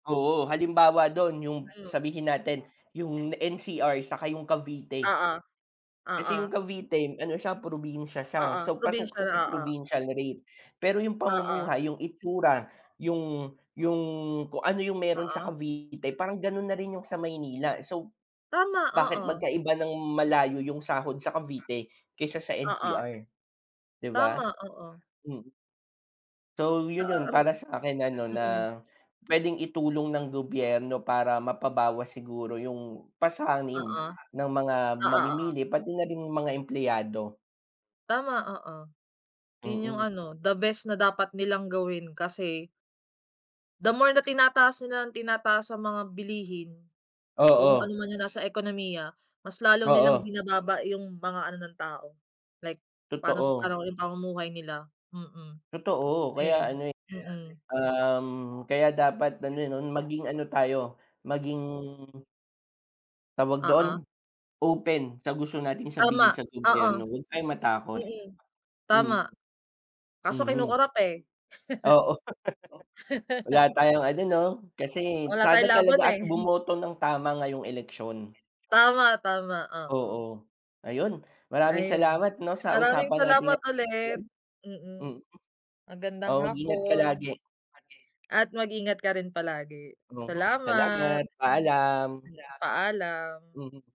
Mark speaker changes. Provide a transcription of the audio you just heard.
Speaker 1: Oo, halimbawa do’n yung
Speaker 2: Mhm.
Speaker 1: sabihin natin yung NCR saka yung Cavite.
Speaker 2: Oo,
Speaker 1: Kasi
Speaker 2: oo.
Speaker 1: yung Cavite, ano siya, probinsya siya,
Speaker 2: Oo,
Speaker 1: so pasok
Speaker 2: provincial.
Speaker 1: siya sa
Speaker 2: Oo.
Speaker 1: provincial rate. Pero yung
Speaker 2: Oo.
Speaker 1: pamumuhay, yung itsura, yung yung kung ano yung meron sa
Speaker 2: Oo.
Speaker 1: Cavite, parang ganun na rin yung sa Maynila. So,
Speaker 2: Tama, oo.
Speaker 1: bakit magkaiba nang malayo yung sahod sa Cavite kaysa sa
Speaker 2: Oo.
Speaker 1: NCR? 'Di ba.
Speaker 2: Tama, oo.
Speaker 1: Mhm. So yun
Speaker 2: Oo
Speaker 1: yun
Speaker 2: hmm.
Speaker 1: para sa'kin ano, na
Speaker 2: Mm.
Speaker 1: pwedeng itulong ng gobyerno para mapabawas siguro yung
Speaker 2: Oo.
Speaker 1: pasanin ng mga
Speaker 2: Oo, oo.
Speaker 1: mamimili, pati na rin yung mga empleyado.
Speaker 2: Tama, oo. Yun yung
Speaker 1: Mm.
Speaker 2: ano, the best na dapat nilang gawin kasi the more na tinataas nila nang tinataas ang mga bilihin, kung
Speaker 1: Oo.
Speaker 2: ano man yung nasa ekonomiya, mas lalo nilang
Speaker 1: Oo.
Speaker 2: binababa yung mga ano ng tao, like pa'no sa
Speaker 1: Totoo.
Speaker 2: pa'no yung pamumuhay nila? Mm.
Speaker 1: Totoo, kaya
Speaker 2: Ayun.
Speaker 1: ano, eh,
Speaker 2: Mm.
Speaker 1: um, kaya dapat ano 'no, maging ano tayo, maging tawag do’n,
Speaker 2: Oo.
Speaker 1: open sa gusto nating
Speaker 2: Tama,
Speaker 1: sabihin sa
Speaker 2: oo.
Speaker 1: gobyerno, huwag tayong matakot.
Speaker 2: Mm, tama.
Speaker 1: Mm.
Speaker 2: Kaso
Speaker 1: Mhm.
Speaker 2: kino-corrupt, eh.
Speaker 1: Oo. Wala tayong ano 'no, kasi
Speaker 2: Wala
Speaker 1: sana
Speaker 2: tayong laban,
Speaker 1: talaga at
Speaker 2: eh.
Speaker 1: bumoto nang tama ngayong eleksyon.
Speaker 2: Tama, tama. Oo.
Speaker 1: Oo. Ayun, maraming
Speaker 2: Ayun.
Speaker 1: salamat 'no, sa
Speaker 2: Maraming
Speaker 1: usapan natin
Speaker 2: salamat
Speaker 1: ngayon.
Speaker 2: ulit, mm.
Speaker 1: Mm.
Speaker 2: Magandang
Speaker 1: Oo, mag-ingat ka
Speaker 2: hapon
Speaker 1: lagi.
Speaker 2: at mag-ingat ka rin palagi.
Speaker 1: Mhm.
Speaker 2: Salamat.
Speaker 1: Salamat, paalam.
Speaker 2: Paalam.
Speaker 1: Mhm.